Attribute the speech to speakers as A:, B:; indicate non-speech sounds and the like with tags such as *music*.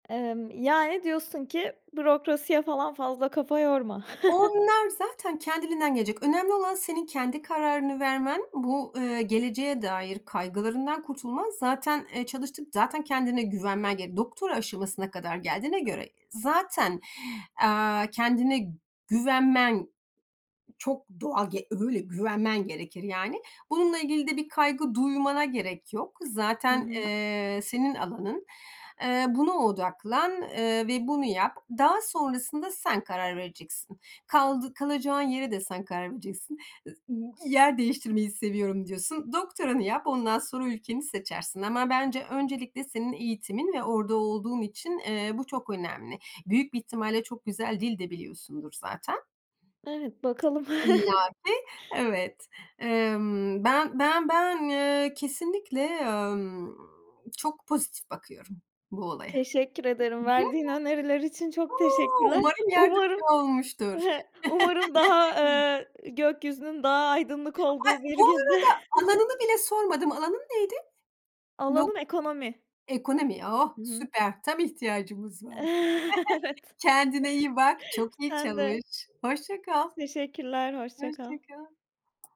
A: Emm, yani, diyorsun ki bürokrasiye falan fazla kafa yorma. *chuckles*
B: Onlar zaten kendiliğinden gelecek. Önemli olan senin kendi kararını vermen. Bu, eee, geleceğe dair kaygılarından kurtulman. Zaten, eee, çalıştın. Zaten kendine güvenmen gerek. Doktora aşamasına kadar geldiğine göre zaten, eee, kendine güvenmen çok doğal ge öyle güvenmen gerekir, yani. Bununla ilgili de bir kaygı duymana gerek yok.
A: Hı
B: Zaten,
A: hı.
B: eee, senin alanın. Eee buna odaklan, eee, ve bunu yap. Daha sonrasında sen karar vereceksin. Kaldı kalacağın yere de sen karar vereceksin. Yer değiştirmeyi seviyorum diyorsun. Doktoranı yap, ondan sonra ülkeni seçersin ama bence öncelikle senin eğitimin ve orada olduğun için, eee, bu çok önemli. Büyük bir ihtimalle çok güzel dil de biliyorsundur zaten.
A: Evet bakalım.
B: İlla
A: *chuckles*
B: ki. Evet. Emm, ben ben ben eee, kesinlikle, ımm, çok pozitif bakıyorum bu olaya.
A: Teşekkür ederim. Verdiğin öneriler için çok
B: *giggles* Uuu,
A: teşekkürler.
B: umarım yardımcı
A: Umarım,
B: olmuştur.
A: *chuckles* umarım daha,
B: *laughs*
A: eee, gökyüzünün daha aydınlık
B: Ay
A: olduğu bir
B: bu
A: günde.
B: arada,
A: *chuckles*
B: alanını bile sormadım. Alanın neydi? Dok
A: Alanım ekonomi.
B: ekonomi. Oh
A: Hı hı.
B: süper. Tam ihtiyacımız var.
A: Evet.
B: *chuckles* Kendine iyi bak. Çok iyi
A: Sen de.
B: çalış. Hoşça kal.
A: Teşekkürler. Hoşça
B: Hoşça
A: kal.
B: kal.